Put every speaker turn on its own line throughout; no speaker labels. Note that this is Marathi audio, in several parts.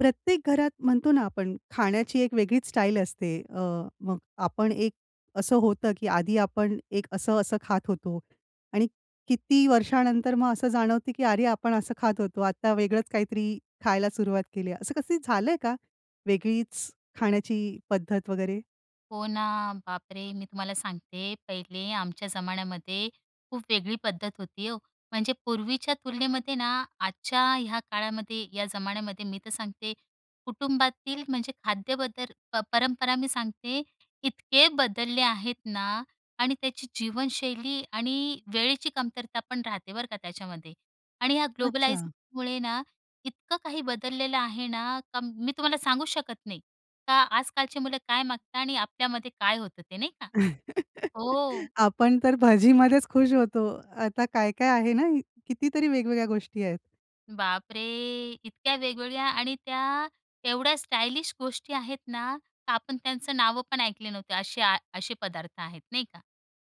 प्रत्येक घरात म्हणतो ना आपण खाण्याची एक वेगळीच स्टाईल असते. अ, मग आपण एक असं होतं, की आधी आपण एक असं-असं खात होतो. आणि किती वर्षानंतर मग असं जाणवतं, की "अरे आपण असं खात होतो, आता वेगळंच काहीतरी खायला सुरुवात केली आहे." असं कसं झालंय का, वेगळीच खाण्याची पद्धत वगैरे?
हो ना, बापरे! मी तुम्हाला सांगते, पहिले आमच्या जमान्यामध्ये खूप वेगळी पद्धत होती हो. म्हणजे पूर्वीच्या तुलनेमध्ये ना, आजच्या ह्या काळामध्ये, या जमान्यामध्ये, मी तर सांगते कुटुंबातील म्हणजे खाद्य बदल प परंपरा मी सांगते इतके बदलले आहेत ना. आणि त्याची जीवनशैली आणि वेळेची कमतरता पण राहते बरं का त्याच्यामध्ये आणि या
अच्छा.
ग्लोबलायीजमुळे ना इतकं काही बदललेलं आहे ना, का मी तुम्हाला सांगू शकत नाही. का आजकालची मुलं काय मागतात आणि आपल्यामध्ये काय होतं ते नाही का? हो.
आपण तर भजीमध्येच खुश होतो. आता काय काय आहे ना, कितीतरी वेगवेगळ्या गोष्टी आहेत.
बापरे! इतक्या वेगवेगळ्या आणि त्या एवढ्या स्टायलिश गोष्टी आहेत ना, तर आपण त्यांचं नावं पण ऐकली नव्हती असे असे पदार्थ आहेत. नाही का.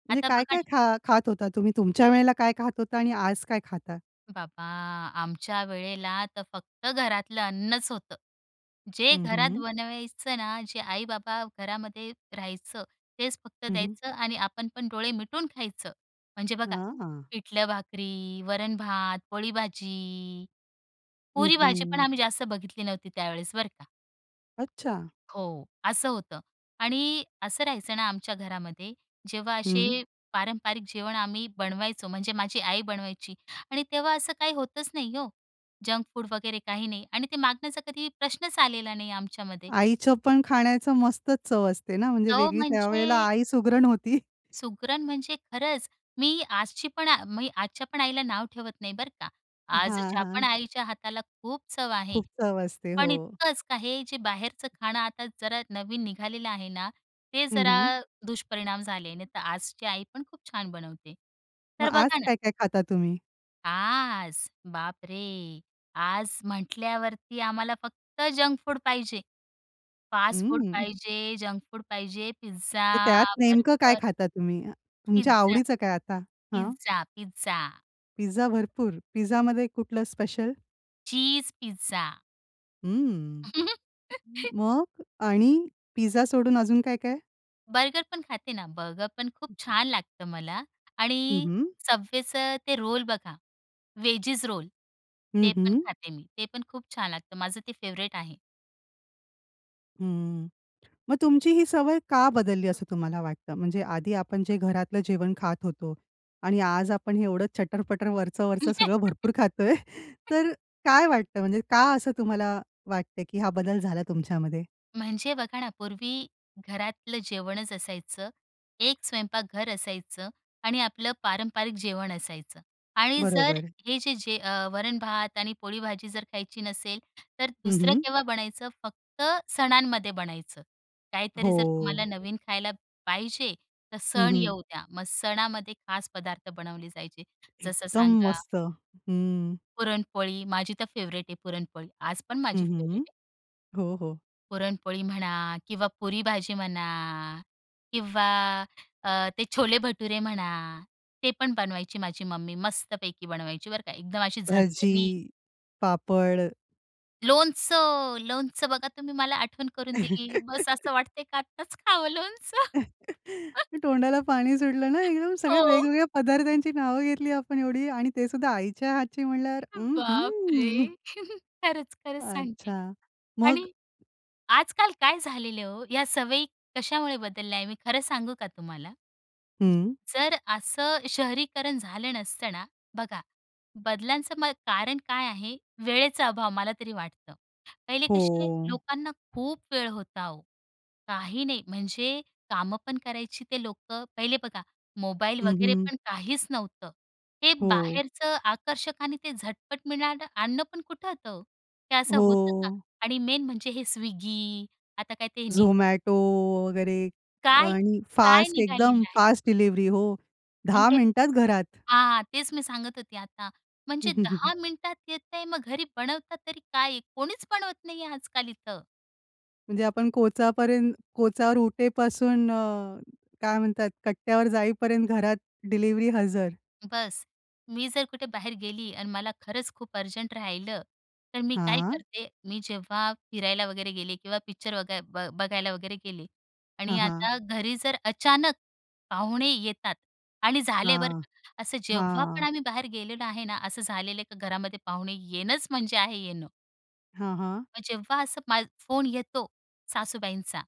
म्हणजे
आता बघा
काय-काय
ना
खा खात होता तुम्ही तुमच्या वेळेला काय खात होता आणि आज काय खाता?
बाबा, आमच्या वेळेला तर फक्त घरातलं अन्नच होतं. जे
हं,
घरात
हं.
बनवायचं ना, जे आई-बाबा घरामध्ये राहायचं तेच फक्त
हं, हं.
द्यायचं आणि आपण पण डोळे मिटून खायचं. म्हणजे बघा
हां, हां.
पिठलं-भाकरी, वरण-भात, पोळी-भाजी.
हं,
पुरी-भाजी पण
हं.
आम्ही जास्त बघितली नव्हती त्यावेळेस बरं का.
अच्छा.
हो. असं होतं आणि असं राहायचं ना आमच्या घरामध्ये, जेव्हा
हं.
असे पारंपारिक जेवण आम्ही बनवायचो म्हणजे माझी आई बनवायची आणि तेव्हा असं काही होतंच नाही हो. जंक फूड वगैरे काही नाही आणि ते मागण्याचा कधी प्रश्नच आलेला नाही आमच्यामध्ये.
आईचंपण खाण्याचं मस्तच चव असते ना, म्हणजे
तो
वेगळी त्यावेळेला
म्हणजे
आई सुगरण होती.
सुगरण म्हणजे खरंच, मी आजची पण मी आजच्या पण आईला नाव ठेवत नाही बरं का,
हां,
आजच्या पण
हां.
आईच्या हाताला खूप चव आहे
खूप चव असते
पण
हो.
इतकंच आहे, जे बाहेरचं खाणं आता जरा नवीन निघालेलं आहे ना, ते
हं,
जरा
हं.
दुष्परिणाम झाले. नाही तर आजची आईपण खूप छान बनवते.
मग
तर
आज
बघा ना
काय काय खाता तुम्ही?
आज, बाप रे! आज म्हटल्यावरती आम्हाला फक्त जंक फूड पाहिजे. फास्ट फूड
उम्म.
पाहिजे जंक फूड पाहिजे,
तर
पिझ्झा,
त्यात नेमकं काय
बर्गर.
खाता तुम्ही, तुमच्या
पिझ्झा.
आवडीचं काय आता? हं?
Pizza, pizza.
पिझ्झा भरपूर. पिझ्झामध्ये कुठला स्पेशल?
Cheese pizza.
उम्म, मग आणि पिझ्झा सोडून अजून काय काय?
बर्गरपण खाते ना. बर्गरपण खूप छान लागतं मला
हं,
आणि
हं.
Subwayचं ते रोल बघा, वेजीज रोल
हं,
ते पण
हं.
खाते मी. ते पण खूप छान लागतं माझं ते फेव्हरेट आहे.
हं, मग तुमची ही सवय का बदलली असं तुम्हाला वाटतं? म्हणजे आधी आपण जे घरातलं जेवण खात होतो आणि आज आपण हे एवढं चटर-पटर वरचं-वरचं सगळं भरपूर खातोय, तर काय वाटतं म्हणजे का असं तुम्हाला वाटतंय की हा बदल झाला तुमच्यामध्ये?
म्हणजे बघा ना पूर्वी घरातलं जेवणच असायचं. एक स्वयंपाक घर असायचं आणि आपलं पारंपरिक जेवण असायचं. आणि जर
बरोबर.
हे जे जे अ, वरण-भात आणि पोळी-भाजी जर खायची नसेल, तर
हं,
दुसरं
हं.
केव्हा बनायचं? फक्त सणांमध्ये बनायचं. काहीतरी जर तुम्हाला
हो.
नवीन खायला पाहिजे तर
हं,
सण
हं.
येऊ द्या. मग सणामध्ये खास पदार्थ बनवले जायचे. जसं
एकदम
सांगा
मस्त. हम्म.
पुरणपोळी, माझी तर फेव्हरेट आहे पुरणपोळी. आज पण
हं,
माझी
हं,
फेव्हरेट
हं,
आहे.
हो, हो.
पुरणपोळी म्हणा किंवा पुरी-भाजी म्हणा किंवा अ ते छोले-भटुरे म्हणा ते पण बनवायची माझी मम्मी, मस्तपैकी बनवायची बरं का, एकदम अशी झणझणीत.
भजी, पापड.
लोणचं, लोणचं बघा तुम्ही मला आठवण करून दिली, बस असं वाटतंय की आत्ताच खावं लोणचं.
तोंडाला पाणी सुटलं ना, एकदम सगळ्या
हो.
वेगवेगळ्या पदार्थांची नावं घेतली आपण एवढी आणि ते सुद्धा आईच्या हातची म्हणल्यावर,
बाप
अहं
रे! खरंच-खरंच सांगते.
अच्छा, मग?
आणि आजकाल काय झालं आहे. या सवयी कशामुळे बदलल्या आहे? मी खरं सांगू का तुम्हाला?
हं.
जर असं शहरीकरण झालं नसतंना, बघा बदलांचं म कारण काय आहे? वेळेचा अभाव, मला तरी वाटतं. पहिले कशे
हो.
लोकांना खूप वेळ होता ओ, काही नाही म्हणजे काम पण करायची ते लोकं. पहिले बघा मोबाईल
हं,
वगैरे
हं.
पण काहीच नव्हतं. हे
हो.
बाहेरचं आकर्षक आणि ते झटपट मिळणारं अन्न पण कुठं होतं? ते असं होतं का?
हो.
आणि मेन म्हणजे हे स्विगी आता काय ते नि
झोमॅटो वगैरे आणि
काय-काय
फास्ट एकदम,
निघालेलं आहे.
फास्ट डिलिवरी हो,
आणि
10
ते
मिनिटात घरात.
हां. तेच मी सांगत होते आता,
हं,
म्हणजे
हं, हं, हं.
10 मिनिटात येतंय मग घरी बनवतात तरी काय? कोणीच बनवत नाहीये आजकाल इथं.
म्हणजे आपण कोचापर्यंत कोचावर उठेपासून अ, काय म्हणतात कट्ट्यावर जाईपर्यंत घरात डिलिव्हरी हजर.
बस, मी जर कुठे बाहेर गेली आणि मला खरंच खूप अर्जंट राहिलं, तर मी काय
हां.
करते, मी जेव्हा फिरायला वगैरे गेले किंवा पिक्चर वगै ब बघायला वगैरे गेले
हां,
आणि
हां.
आता घरी जर अचानक पाहुणे येतात आणि झाले बरं
हां,
का, असं जेव्हा पण
हां.
आम्ही बाहेर गेलेलो आहे ना, असं झालेलं का घरामध्ये पाहुणे येणंच म्हणजे आहे येणं.
हां, हां.
मग जेव्हा असं मा फोन येतो सासूबाईंचा,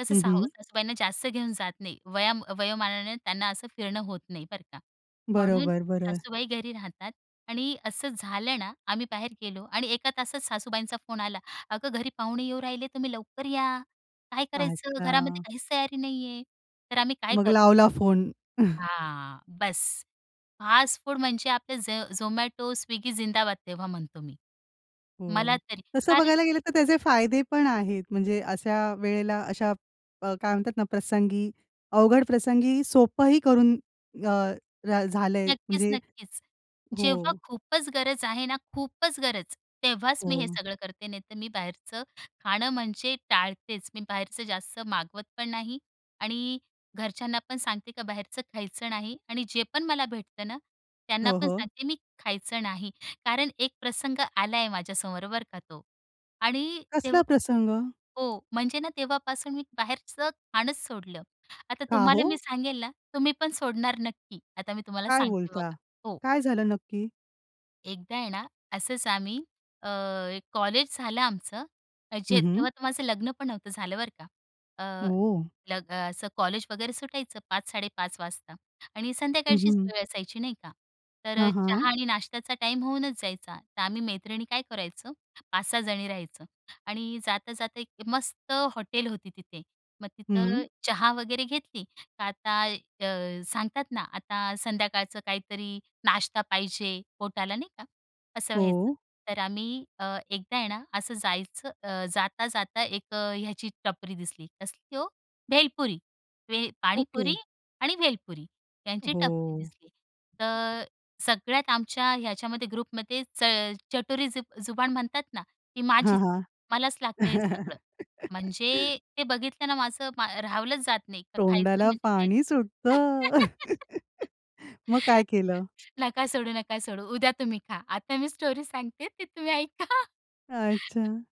तसं
हं,
सा
हं.
सासूबाईंना जास्त घेऊन जात नाही, वया वयोमानाने त्यांना असं फिरणं होत नाही बरं का. म्हणून
बरोबर, बरोबर.
सासूबाई घरी राहतात आणि असं झालं ना, आम्ही बाहेर गेलो आणि 1 तासात सासूबाईंचा फोन आला, "अगं घरी पाहुणे येऊ राहिले तुम्ही लवकर या, काय करायचं? घरामध्ये
अच्छा.
काहीच तयारी नाही आहे." तर आम्ही काय
मग
करतो.
लावला फोन.
हां, बस फास्ट फूड म्हणजे आपले झ झोमॅटो, स्विगी जिंदाबाद तेव्हा म्हणतो मी. मला
हो,
तरी
तसं
कारण,
बघायला गेलं तर त्याचे फायदे पण आहेत. म्हणजे अशा वेळेला अशा अ, काय म्हणतात ना प्रसंगी, अवघड प्रसंगी सोपंही करून अ, र झालंय म्हणजे
नक्कीच-नक्कीच. जेव्हा
हो.
खूपच गरज आहे ना, खूपच गरज, तेव्हाच मी हे
हो.
सगळं करते, नाही तर मी बाहेरचं खाणं म्हणजे टाळतेच. मी बाहेरचं जास्त मागवत पण नाही आणि घरच्यांना पण सांगते, का बाहेरचं खायचं नाही आणि जे पण मला भेटतं ना, त्यांना
हो,
पण
हो.
सांगते मी खायचं नाही. कारण एक प्रसंग आलाय माझ्यासमोर बरं का तो, आणि तेव्ह
कसला प्रसंग?
हो, म्हणजे ना, तेव्हापासून मी बाहेरचं खाणचं सोडलं. आता
का
तुम्हाला मी
हो?
सांगेल ना, तुम्ही पण सोडणार नक्की. आता मी तुम्हाला
काय
सांगते
बोलता?
बघा हो.
काय झालं नक्की?
एकदा आहे ना, असंच आम्ही अ, एक कॉलेज झालं आमचं. म्हणजे
हं, हं.
तेव्हा तर माझं लग्नपण नव्हतं झालं, बरं का. अ,
ओ!
लग असं कॉलेज वगैरे सुटायचं 5 5.30 वाजता आणि
हं, हं,
संध्याकाळचीच
हं.
वेळ असायची नाही का? तर अ,
हां,
चहा
हां.
आणि नाश्त्याचा टाईम होऊनच जायचा, तर आम्ही मैत्रिणी काय करायचो? ५ -६ जणी राहायचं आणि जाता-जाता १ मस्त हॉटेल होती तिथे. मग तिथं
हं.
चहा वगैरे घेतली. तर आता अ, सांगतात ना, आता संध्याकाळचं काहीतरी नाश्ता पाहिजे. पोटाला नाही का? असं व्हायचं.
हो.
तर आम्ही अ, एकदा आहे ना असं जायचं अ, जाता-जाता १ ह्याची टपरी दिसली. कसली हो? भेलपुरी भेल
ओके.
पाणीपुरी आणि भेलपुरी यांची
हो.
टपरी दिसली. तर अ, सगळ्यात आमच्या ह्याच्यामध्ये ग्रुपमध्येच अ, चटोरी जु जुबान म्हणतात ना, ती
हां,
माझीच. मलाच
हां.
लागतं हे सगळं. म्हणजे ते बघितल ना माझं मा राहावलंच जात नाही तर खायचं
तोंडाला
म्हणजे खायचं.
पाणी सुटतं. मग काय केलं?
नका सोडू, नका सोडू, उद्या तुम्ही खा. आता मी स्टोरी सांगते ते ती तुम्ही ऐका.
अच्छा.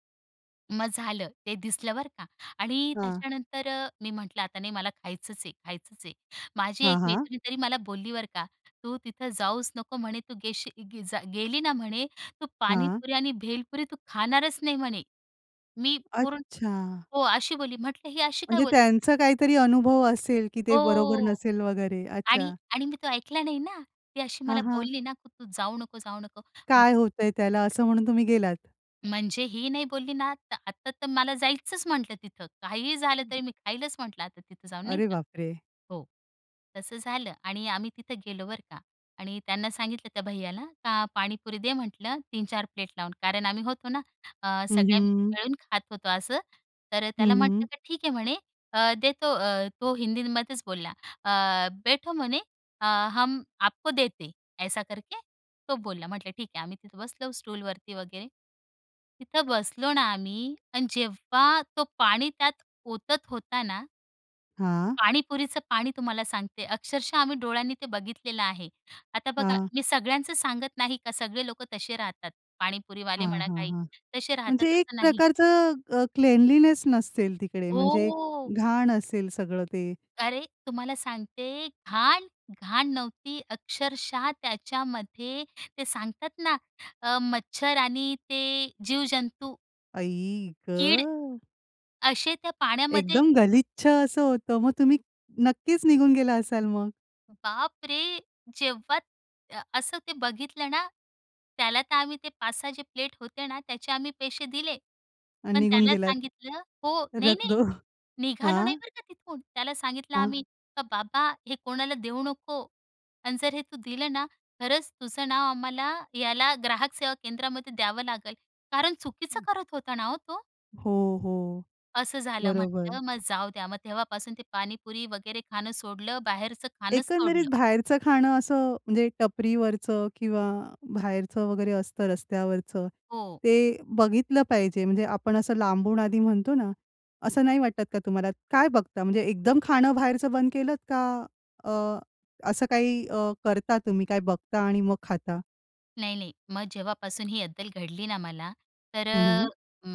मग झालं, ते दिसलं बरं का आणि
हां.
त्याच्यानंतर अ, मी म्हटलं आता नाही मला खायचंच आहे, खायचंच आहे. माझी
हां,
१
हां.
मैत्रीण तरी मला बोलली बरं का, "तू तिथं जाऊच नको म्हणे तू गेलीच गी जा गेली ना म्हणे तू
हां.
पाणीपुरी आणि" भेलपुरी "तू खाणारच नाही म्हणे." मी पूर्ण
अच्छा.
हो, अशी बोलली. म्हटलं ही अशी काय
म्हणजे
बोलली?
त्यांचा काहीतरी अनुभव असेल की ते बरोबर
हो
नसेल वगैरे,
आणि
अच्छा.
आणि मी तो ऐकला नाही ना, ती अशी
हां,
मला
हां.
बोलली ना की तू जाऊ नको, जाऊ नको. म्हण
काय होतंय त्याला, असं म्हणून तुम्ही गेलात?
म्हणजे ही नाही बोलली ना, तर आता तर मला जायचंच म्हटलं तिथं काहीही झालं तरी मी खाईलच म्हटलं आता तिथं जाऊन नाही
अरे
का.
बापरे!
हो, तसं झालं आणि आम्ही तिथं गेलो बरं का आणि त्यांना सांगितलं त्या भैय्याला, का पाणीपुरी दे म्हटलं, 3-4 प्लेट लावून कारण आम्ही होतो ना, अ,
हं,
सगळे
हं.
मिळून खात होतो असं. तर
हं,
त्याला म्हटलं
हं.
की ठीक आहे म्हणे देतो, अ, तो हिंदीमध्येच बोलला अ, "बैठो" म्हणे अ, "हम आपको देते, ऐसा करके." तो बोलला, म्हटलं ठीक आहे. आम्ही तिथं बसलो स्टूलवरती वगैरे. तिथं बसलो ना आम्ही, आणि जेव्हा तो पाणी त्यात ओतत होता ना
हां.
पाणीपुरीचं पाणी तुम्हाला सांगते, अक्षरशः आम्ही डोळ्यांनी ते बघितलेलं आहे. आता बघा
हां.
मी सगळ्यांचं सांगत नाही का, सगळे लोक तसे राहतात, पाणीपुरीवाले
हां,
म्हणा,
हां,
काही
हां,
तसे
म्हणजे
राहतात
एक
असं नाही.
प्रकारचं अ, क्लेनलिनेस नसेल तिकडे, म्हणजे
हो.
घाण असेल सगळं ते.
अरे! तुम्हाला सांगते घाण? घाण नव्हती अक्षरशः त्याच्यामध्ये ते सांगतात ना अ, मच्छर आणि ते जीव-जंतू.
आई
कीड,
ग.
असे त्या पाण्यामध्ये
एकदम गलिच्छ असं होतं. मग तुम्ही नक्कीच निघून गेला असाल मग?
बाप रे! जेव्हा अ, असं ते बघितलं ना, त्याला तर आम्ही ते ५ -६ जे प्लेट होते ना त्याचे आम्ही पैसे दिले.
आणि
पण
निघून
त्याला
गेलात.
सांगितलं हो,
रख
नाही-नाही
दो.
निघालो नाही
हां.
बरं का तिथून. त्याला सांगितलं
हां.
आम्ही, "का बाबा, हे कोणाला देऊ नको आणि जर हे तू दिलं ना, खरंच तुझं नाव आम्हाला याला ग्राहक सेवा केंद्रामध्ये द्यावं लागल." कारण चुकीचं करत होता ना हो तो?
हो, हो,
असं झालं म्हटलं
बरोबर.
मग जाऊ द्या. मग तेव्हापासून ते पाणीपुरी वगैरे खाणं सोडलं, बाहेरचं खाणंच
एकंदरीत
सोडलं.
बाहेरचं खाणं असं म्हणजे टपरीवरचं किंवा बाहेरचं वगैरे असतं रस्त्यावरचं.
हो.
ते बघितलं पाहिजे म्हणजे आपण असं लांबून आधी म्हणतो ना, असं नाही वाटत का तुम्हाला काय बघता? म्हणजे एकदम खाणं बाहेरचं बंद केलंत? का अ, असं काही अ, करता तुम्ही, काय बघता आणि मग खाता?
नाही-नाही, मग जेव्हापासून ही अद्दल घडली ना मला, तर
हं, हं.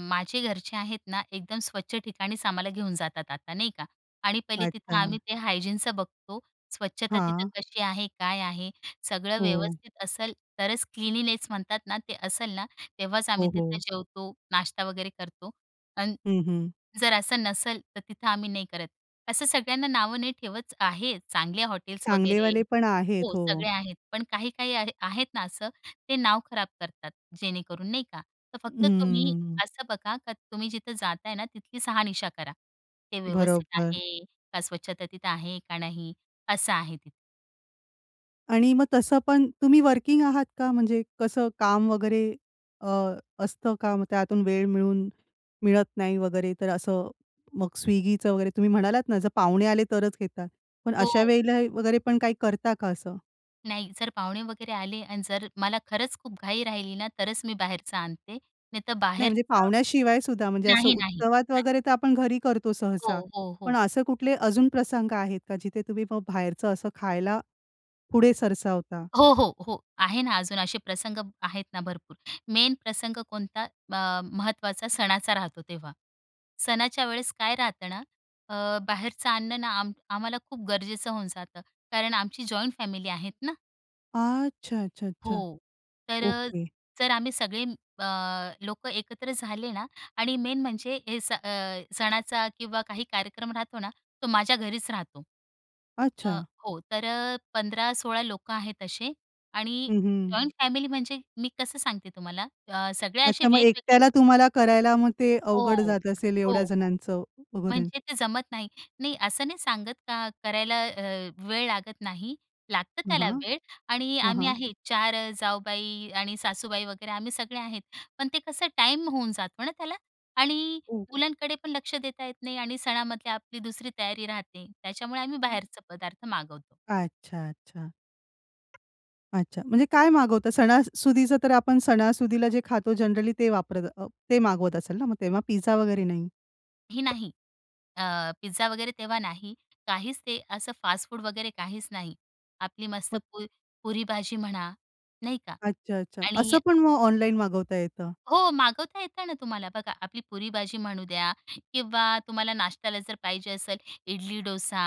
माझे घरचे आहेत ना एकदम स्वच्छ ठिकाणीच आम्हाला घेऊन जातात आता, नाही का? आणि पहिले तिथं
अच्छा.
आम्ही ते हायजीनचं बघतो, स्वच्छता तिथं
हां.
कशी आहे? काय आहे? सगळं
हो.
व्यवस्थित असेल तरच क्लीन्लीनेस म्हणतात ना ते असेल ना, तेव्हाच आम्ही
हो,
तिथं
हो.
जेवतो, नाश्ता वगैरे करतो अन्
हं, हं.
जर असं नसेल तर तिथं आम्ही नाही करत. असं सगळ्यांना नावं नाही ठेवत, आहे चांगल्या हॉटेल्स वगैरे
चांगलेवाले पण आहेत.
हो,
हो.
सगळे आहेत. पण काही-काही आहे आहेत ना असं, ते नाव खराब करतात, जेणेकरून नाही का? तर फक्त तुम्ही
हं.
असं बघा का तुम्ही जिथं जाताय ना तिथली साहनिशा करा. ते व्यवस्थित
बरोबर.
आहे, का स्वच्छता तिथं आहे का नाही? असं आहे तिथं.
आणि मग तसं पण, तुम्ही वर्किंग आहात का? म्हणजे कसं काम वगैरे अ, असतं का? मग त्यातून वेळ मिळून मिळत नाही वगैरे, तर असं. मग Swiggyचं वगैरे तुम्ही म्हणालात ना, जर पाहुणे आले, तरच घेतात. पण
हो.
अशावेळेला वगैरे पण काही करता का असं?
नाही, जर पाहुणे वगैरे आले आणि जर मला खरंच खूप घाई राहिली ना, तरच मी बाहेरचं आणते. नाहीतर
नाही, म्हणजे
बाहेरचं
पाहुण्याशिवाय सुद्धा, म्हणजे असं
नाही, नाही,
उत्सवात
नाही.
वगैरे तर आपण घरी करतो
हो,
सहसा.
हो,
पण
हो.
असं कुठले अजून प्रसंग आहेत का, जिथे तुम्ही मग बाहेरचं असं खायला पुढे सरसावता?
हो, हो, हो. आहे ना, अजून असे प्रसंग आहेत ना भरपूर, मेन प्रसंग कोणता, ब महत्त्वाचा सणाचा राहतो तेव्हा. सणाच्या वेळेस काय राहतं ना, अ, बाहेरचं अन्न ना, आम आम्हाला खूप गरजेचं होऊन जातं, कारण आमची जॉइंट फॅमिली आहेत ना.
अच्छा, अच्छा, अच्छा.
हो, तर,
ओके.
तर आम्ही सगळे अ, लोकं एकत्र झाले ना आणि मेन म्हणजे हे सण अ, सणाचा किंवा काही कार्यक्रम राहतो ना, तो माझ्या घरीच राहतो. अ,
अच्छा.
हो. तर 15-16 लोकं आहेत असे आणि
हं, हं.
जॉइंट फॅमिली, म्हणजे मी कसं सांगते तुम्हाला, अ, सगळे असे
अच्छा, मग
वेगवेगळे.
एकट्याला तुम्हाला करायला, मग ते अवघड
हो.
जात असेल,
हो,
एवढ्या
हो.
जणांचं वगैरे?
म्हणजे ते जमत नाही. नाही असं नाही सांगत का करायला अ, वेळ लागत नाही, लागतं
हां,
त्याला
हां.
वेळ आणि
हां,
आम्ही
हां.
आहे, 4 जाऊबाई आणि सासूबाई वगैरे आम्ही सगळे आहेत. पण ते कसं टाईम होऊन जातो ना त्याला? आणि
ओह.
मुलांकडे पण लक्ष देता येत नाही आणि सणामधले आपली दुसरी तयारी राहते, त्याच्यामुळे आम्ही
हं.
बाहेरचे पदार्थ मागवतो.
अच्छा, अच्छा. अच्छा, म्हणजे काय मागवता सणासुदीचं, तर आपण सणासुदीला जे खातो, जनरली ते वापरत अ, ते मागवत असेल ना? मग तेव्हा पिझ्झा वगैरे नाही.
नाही, नाही. अ, पिझ्झा वगैरे तेव्हा नाही. काहीच ते असं फास्ट फूड वगैरे काहीच नाही. आपली मस्त
मग
पुर पुरीभाजी म्हणा, नाही का?
अच्छा, अच्छा. असं
आणि
पण मग ऑनलाईन मागवता येतं?
हो मागवता येतं ना तुम्हाला. बघा, आपली पुरीभाजी म्हणू द्या किंवा तुम्हाला नाश्त्याला जर पाहिजे असेल, इडली-डोसा,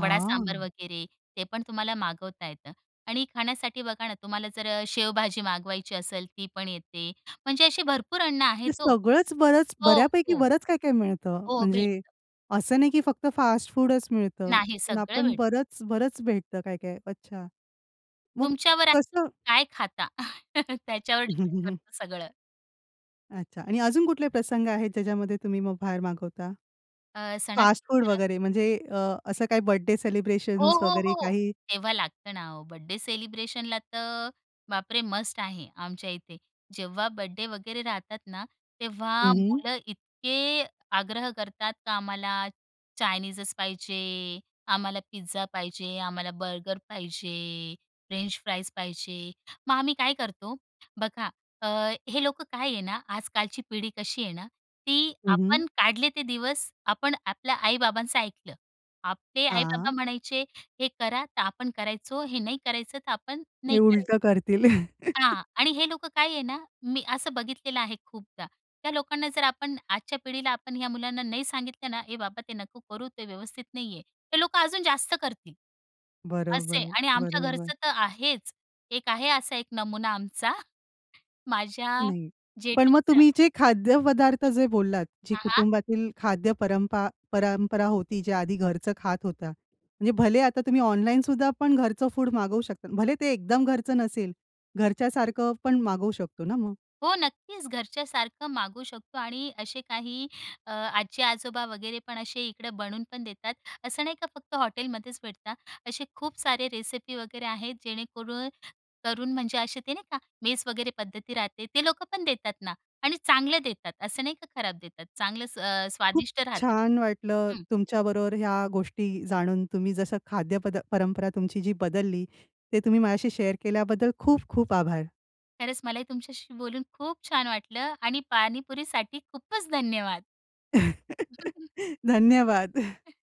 वडा-सांबर वगैरे, ते पण तुम्हाला मागवता येतं आणि खाण्यासाठी बघा ना, तुम्हाला जर अ, शेवभाजी मागवायची असेल, ती पण येते. म्हणजे अशी भरपूर अन्न
ते
आहेत हो.
सगळंच बरंच,
हो,
बर्‍यापैकी
हो.
बरंच काय-काय मिळतं,
हो,
म्हणजे
भेटतं.
असं नाही की फक्त फास्ट फूडच मिळतं.
नाही,
पण
सगळं
आपण
भेटतं.
बरंच, बरंच भेटतं, काय-काय. अच्छा. मग
तुमच्यावर आहे
कसं
काय खाता, त्याच्यावर डिपेंड करतं सगळं.
अच्छा आणि अजून कुठले प्रसंग आहेत, ज्याच्यामध्ये तुम्ही मग बाहेर मागवता?
अ,
फास्ट फूड
सणासुदी जरा
वगैरे म्हणजे अ, असं काही बर्थडे
हो,
सेलिब्रेशन्स
हो,
वगैरे
हो.
काही?
तेव्हा लागतं ना ओ, बड्डे सेलिब्रेशनला तर बापरे! मस्ट आहे, आमच्या इथे. जेव्हा बड्डे वगैरे राहतात ना,
हं,
तेव्हा
हं.
मुलं इतके आग्रह करतात, का "आम्हाला चायनीजच पाहिजे, आम्हाला पिझ्झा पाहिजे, आम्हाला बर्गर पाहिजे, फ्रेंच फ्राईज पाहिजे." मग आम्ही काय करतो, बघा अ, हे लोकं काय आहे ना, आजकालची पिढी कशी आहे ना, ती
हं, हं.
आपण काढले ते दिवस, आपण आपल्या आई-बाबांचं ऐकलं. आपले आई-बाबा
हां.
म्हणायचे, "हे करा," तर आपण करायचो, "हे नाही करायचं," तर आपण नाही
हे
करायचं.
उलटं करतील.
हां आणि हे लोकं काय आहे ना, मी असं बघितलेलं आहे खूपदा. त्या लोकांना जर आपण आजच्या पिढीला आपण ह्या मुलांना नाही सांगितलं ना, "ए बाबा, ते नको करू, ते व्यवस्थित नाहीये," ते लोकं अजून जास्त करतील. असं आहे.
बरोबर,
आणि आमच्या
बरोबर.
घरचं तर आहेच. एक आहे असा एक नमुना आमचा, माझ्या
नाही. पण मग
जेठानीचा.
तुम्ही जे खाद्यपदार्थ जे बोललात, जी
हां, हां.
कुटुंबातील खाद्य परंपा परंपरा होती, जे आधी घरचं खात होता, म्हणजे भले आता तुम्ही ऑनलाईनसुद्धा पण घरचं फूड मागवू शकता. भले ते एकदम घरचं नसेल, घरच्यासारखं पण मागवू शकतो ना मग?
हो, नक्कीच. घरच्यासारखं मागवू शकतो आणि असे काही अ, आजी-आजोबा वगैरे पण असे इकडं बनवून पण देतात. असं नाही का फक्त हॉटेलमध्येच भेटतात. असे खूप सारे रेसिपी वगैरे आहेत, जेणेकरून करून म्हणजे असे ते नाही का मेस वगैरे पद्धती राहते. ते लोक पण देतात ना आणि चांगलं देतात, असं नाही का खराब देतात, चांगलच अ,
खूप
स्वादिष्ट राहतं ते.
छान वाटलं,
हं.
तुमच्याबरोबर ह्या गोष्टी जाणून. तुम्ही जसं खाद्य पद परंपरा तुमची जी बदलली, ते तुम्ही माझ्याशी शेअर केल्याबद्दल, खूप-खूप आभार.
खरंच मला ही तुमच्याशी बोलून खूप छान वाटलं. आणि पाणीपुरीसाठी खूपच धन्यवाद.
धन्यवाद.